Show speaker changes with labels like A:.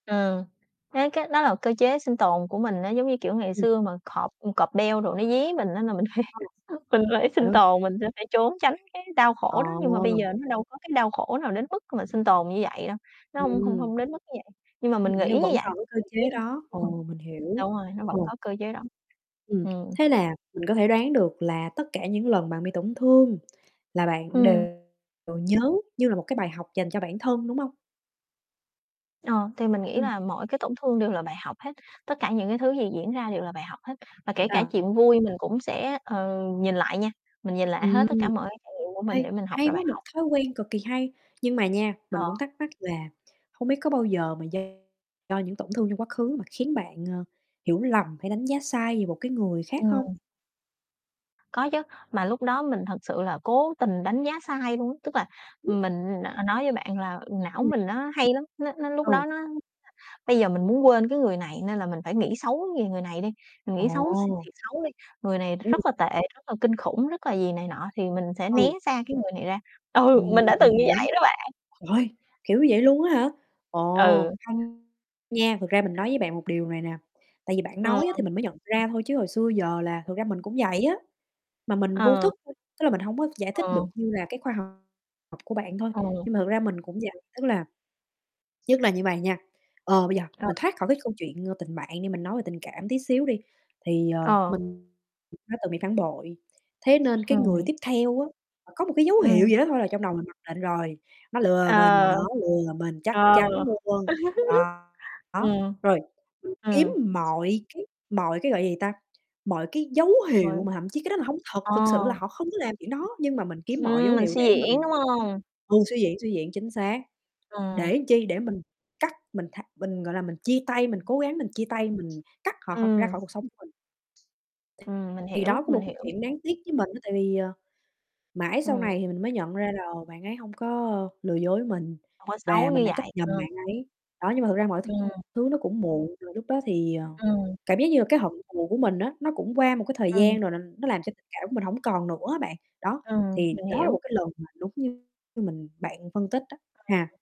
A: Ừm, cái cái đó là cơ chế sinh tồn của mình á, giống như, kiểu, ngày
B: Ừm.
A: xưa mà cọp ưm, cọp, beo đồ nó dí mình á, nà mình phải
B: Ừm.
A: mình phải
B: À, đúng
A: sinh
B: rồi.
A: tồn, mình sẽ phải trốn tránh cái đau
B: Ờ.
A: khổ đó. Nhưng mà bây giờ nó đâu có cái đau khổ nào đến mức mà sinh tồn như vậy đâu, nó hông hông
B: Ừm.
A: hông đến mức như vậy, nhưng mà
B: Ừm,
A: mình nghĩ
B: nhưng
A: như
B: vẫn
A: vậy,
B: còn cái cơ
A: mình
B: chế
A: nghĩ ha
B: đó,
A: [unintelligible]
B: ồ, mình hiểu.
A: đúng rồi, nó vẫn
B: Ồ.
A: có cơ chế đó.
B: Ừm,
A: Ừm.
B: thế là mình có thể đoán được là tất cả những lần bạn bị tổn thương là bạn đều
A: Ừm.
B: nhớ như là một cái bài học dành cho bản thân, đúng hông?
A: Ờ, thì mình nghĩ
B: Ừm.
A: là mỗi cái tổn thương đều là bài học hết, tất cả những cái thứ gì diễn ra đều là bài học hết, và kể cả
B: À.
A: chuyện vui mình cũng sẽ, ờ, nhìn lại nha, mình nhìn lại hết
B: Ừm,
A: tất cả mọi cái trải nghiệm của mình
B: hay
A: để mình học
B: hay
A: ra bài
B: quá, một
A: học.
B: thói quen cực kỳ hay. Nhưng mà nha, mình
A: Ờ.
B: cũng thắc mắc là hông biết có bao giờ mà do do những tổn thương trong quá khứ mà khiến bạn, ờ, hiểu lầm hay đánh giá sai về một cái người khác hông?
A: Ừm. Có chứ, mà lúc đó mình thật sự là cố tình đánh giá sai luôn á. Tức là mình, ờ, nói với bạn là não
B: Ừm.
A: mình nó hay lắm, nó nó lúc
B: Ừ.
A: đó nó [unintelligible] bây giờ mình muốn quên cái người này nên là mình phải nghĩ xấu về người này đi, mình nghĩ xấu s
B: Ồ!
A: thiệt xấu đi, người này
B: Ừm.
A: rất là tệ, rất là kinh khủng, rất là gì này nọ, thì mình sẽ né
B: Ừ.
A: xa cái người này ra. Ừ,
B: Ừm,
A: mình đã
B: mình
A: từng như
B: hiểu,
A: vậy đó bạn.
B: trời ơi! Kiểu như vậy luôn á hả? Ồ,
A: Ừ.
B: hay nha, thực ra mình nói với bạn một điều này nè, tại vì bạn
A: Ừm.
B: nói á, thì mình mới nhận ra thôi chứ hồi xưa giờ là thực ra mình cũng vậy á, mà mình vô
A: Ờ.
B: thức [unintelligible] tức là mình hông có giải thích được
A: Ờ.
B: như là cái khoa học của bạn thôi,
A: Ờ.
B: nhưng mà thực ra mình cũng vậy.
A: [unintelligible]
B: Tức là nhất là như vậy nha, ờ, bây giờ
A: Ờ.
B: mình thoát khỏi cái câu chuyện, ơ, tình bạn đi, mình nói về tình cảm tí xíu đi, thì, ờ,
A: Ờ.
B: mình đã từng bị phản bội, thế nên cái người
A: Ừm.
B: tiếp theo á, là có một cái dấu hiệu
A: Ừm.
B: gì đó thôi là trong đầu mình mặc định rồi, "Nó lừa mình,
A: Ờ.
B: nó lừa mình, chắc
A: Ờ.
B: chắn luôn." Ờ, đó,
A: Ừm.
B: rồi mình kiếm
A: Ừm.
B: mọi cái mọi cái, gọi gì ta, mọi cái dấu
A: Rồi.
B: hiệu mà thậm chí cái đó là hông thật,
A: Ờ.
B: thực sự là họ không có làm chuyện đó nhưng mà mình kiếm mọi dấu
A: Ừm, mình
B: hiệu
A: suy
B: để
A: diễn, đúng
B: mình
A: hông?
B: ừ, suy diễn, suy diễn, chính xác,
A: Ừm.
B: để chi, để mình cắt mình tha mình, gọi là, mình chia tay mình cố gắng mình chia tay, mình cắt họ khỏi ra
A: Ừm.
B: khỏi cuộc sống của mình. [unintelligible]
A: Ừm, mình
B: Thì
A: hiểu,
B: đó cũng
A: mình
B: một cái
A: hiểu.
B: chuyện đáng tiếc với mình á, tại vì, ờ, mãi sau
A: Ừm.
B: này thì mình mới nhận ra là bạn ấy hông có, ơ, lừa dối với mình
A: Hông có xấu
B: và
A: như
B: mình đã trách
A: vậy,
B: nhầm
A: ờ.
B: bạn ấy. Đó, nhưng mà thực ra mọi th
A: Ừm.
B: thứ nó cũng muộn rồi, lúc đó thì, ờ,
A: Ừm.
B: cảm giác như là cái hận thù của mình á, nó cũng qua một cái thời
A: Ừm.
B: gian rồi là nó làm cho tình cảm của mình hổng còn nữa á bạn, đó
A: Ừm,
B: thì
A: mình
B: đó là
A: hiểu.
B: một cái lần mà đúng như mình bạn phân tích đó
A: Ừ.
B: ha.